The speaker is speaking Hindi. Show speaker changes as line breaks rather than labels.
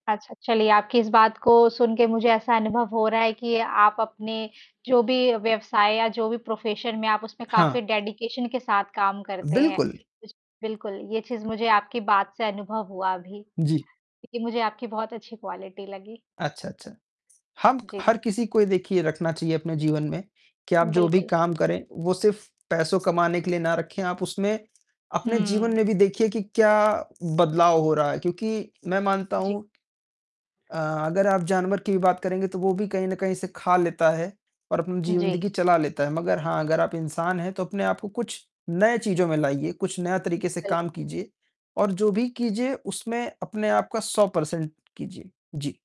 अच्छा चलिए आपकी इस बात को सुनके मुझे ऐसा अनुभव हो रहा है कि आप अपने, जो भी व्यवसाय या जो भी प्रोफ़ेशन में आप उसमें काफ़ी
हाँ।
डेडीकैशन के साथ काम करते हैं।
बिल्कुल।
उस बिल्कुल, ये चीज़ मुझे आपकी बात से अनुभव हुआ अभी,
जी।
क्योंकि मुझे आपकी बहुत अच्छी क्वालिटी लगी।
अच्छा, अच्छा, हम
जी।
हर किसी को ये देखिए रखना चाहिए अपने जीवन में, कि आप जो भी
बिल्कुल।
काम करें, वो सिर्फ़ पैसों कमाने के लिए न रखें, आप उसमें अपने जीवन
हुँ।
में भी देखिए कि क्या बदलाव हो रहा है क्योंकि मैं मानता
जी।
हूँ, अ, अगर आप जानवर की भी बात करेंगे तो वो भी कहीं न कहीं से खा लेता है और अपनी
जी।
जिंदगी चला लेता है। मगर हाँ, अगर आप इंसान हैं तो अपने आप को कुछ नए चीज़ों में लाइए, कुछ नए तरीके से
बिल
काम कीजिए और जो भी कीजिए उसमें अपने आप का 100 पर्सेन्ट कीजिए। जी।